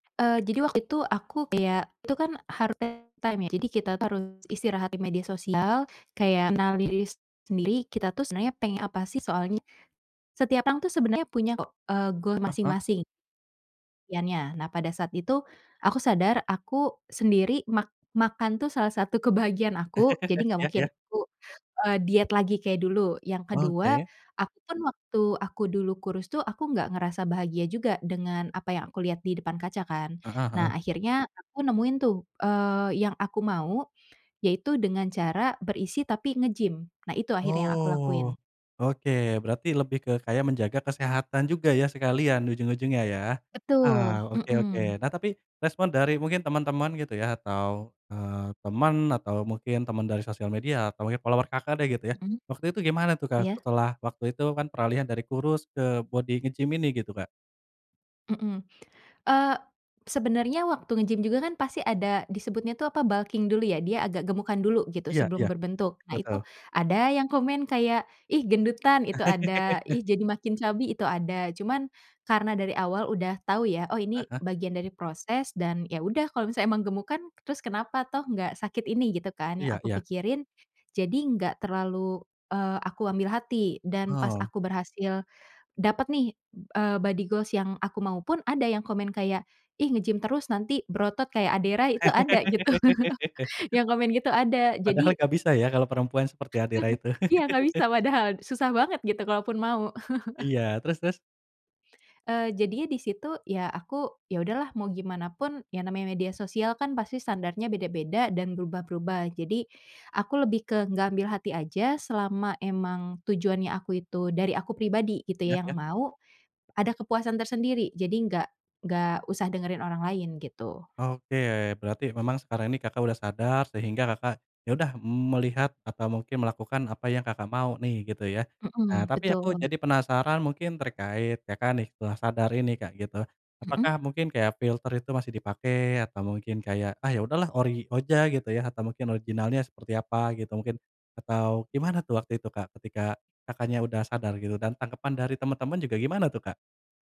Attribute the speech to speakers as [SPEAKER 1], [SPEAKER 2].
[SPEAKER 1] Eee, jadi waktu itu aku kayak, itu kan harus [unintelligible] time, ya. Jadi, kita, tuh, harus istirahat di media sosial, kayak mengenali diri sendiri, kita tuh sebenarnya pengen apa, sih. Soalnya, setiap orang, tuh, sebenarnya punya, kok, eee, goal
[SPEAKER 2] Huh huh.
[SPEAKER 1] masing-masing. Yannya nah, pada saat itu aku sadar aku sendiri mak makan, tuh, salah satu kebahagiaan aku, jadi, enggak
[SPEAKER 2] Ya
[SPEAKER 1] mungkin
[SPEAKER 2] ya.
[SPEAKER 1] aku e diet lagi kayak dulu. Yang kedua,
[SPEAKER 2] Oke.
[SPEAKER 1] aku, kan, waktu aku dulu kurus, tuh, aku enggak ngerasa bahagia juga dengan apa yang aku lihat di depan kaca, kan.
[SPEAKER 2] Heeh heeh.
[SPEAKER 1] Nah, akhirnya aku nemuin tuh, eee, yang aku mau, yaitu dengan cara berisi, tapi nge-gym. Nah, itu akhirnya aku lakuin.
[SPEAKER 2] Oh, oke. Berarti lebih ke kayak menjaga kesehatan juga, ya, sekalian ujung-ujungnya, ya.
[SPEAKER 1] Betul,
[SPEAKER 2] Oh, oke oke.
[SPEAKER 1] heeh.
[SPEAKER 2] Nah, tapi respon dari mungkin teman-teman, gitu, ya, atau, eee, teman atau mungkin teman dari sosial media atau mungkin follower Kakak, deh, gitu, ya.
[SPEAKER 1] Mhm.
[SPEAKER 2] Waktu itu gimana tuh, Kak,
[SPEAKER 1] Iya.
[SPEAKER 2] setelah waktu itu, kan, peralihan dari kurus ke bodi nge-gym ini gitu, Kak?
[SPEAKER 1] Heeh. Eee, sebenarnya waktu nge-gym juga, kan, pasti ada disebutnya, tuh, apa, bulking dulu, ya? Dia agak gemukan dulu, gitu,
[SPEAKER 2] Iya
[SPEAKER 1] sebelum
[SPEAKER 2] iya,
[SPEAKER 1] berbentuk. Nah, itu
[SPEAKER 2] betul.
[SPEAKER 1] ada yang komen kayak, "Ih, gendutan," itu ada, "Ih, jadi makin chubby," itu ada. Cuman, karena dari awal udah tahu, ya, oh,
[SPEAKER 2] Ah
[SPEAKER 1] ini
[SPEAKER 2] huh.
[SPEAKER 1] bagian dari proses, dan, ya, udah kalau misalnya emang gemukan, terus kenapa, toh, enggak sakit ini, gitu, kan, yang
[SPEAKER 2] Iya
[SPEAKER 1] aku
[SPEAKER 2] iya.
[SPEAKER 1] pikirin. Jadi, enggak terlalu, eee, aku ambil hati, dan pas
[SPEAKER 2] Oh.
[SPEAKER 1] aku berhasil dapet, nih, e body goals yang aku mau, pun, ada yang komen kayak, "Ih nge gym terus, nanti berotot kayak Ade Rai," itu ada, gitu. Yang komen gitu ada,
[SPEAKER 2] Padahal
[SPEAKER 1] jadi
[SPEAKER 2] enggak bisa, ya, kalau perempuan seperti Ade Rai itu.
[SPEAKER 1] Iya, enggak bisa, padahal susah banget, gitu, kalaupun mau.
[SPEAKER 2] Iya, terus terus?
[SPEAKER 1] Eee, jadinya di situ, ya, aku, ya udahlah mau gimana pun, ya, namanya media sosial, kan, pasti standarnya beda-beda dan berubah-berubah, jadi, aku lebih ke enggak ambil hati aja selama memang tujuannya aku itu dari aku pribadi, gitu,
[SPEAKER 2] Ya
[SPEAKER 1] yang
[SPEAKER 2] ya.
[SPEAKER 1] mau ada kepuasan tersendiri, jadi enggak enggak usah dengerin orang lain, gitu.
[SPEAKER 2] Oke. Berarti memang sekarang ini Kakak sudah sadar, sehingga Kakak, ya, udah melihat atau mungkin melakukan apa yang Kakak mau, nih, gitu, ya. Nah,
[SPEAKER 1] Heeh,
[SPEAKER 2] tapi, aku
[SPEAKER 1] betul.
[SPEAKER 2] jadi penasaran mungkin terkait, Kakak, nih, setelah sadar ini, Kak, gitu.
[SPEAKER 1] Heeh?
[SPEAKER 2] Apakah mungkin kayak filter itu masih dipakai atau mungkin kayak, "Ah, ya sudahlah ori aja gitu, ya," atau, mungkin original-nya seperti apa, gitu, mungkin, atau gimana, tuh, waktu itu, Kak? Ketika Kakaknya sudah sadar gitu, dan tanggapan dari teman-teman juga gimana, tuh, Kak?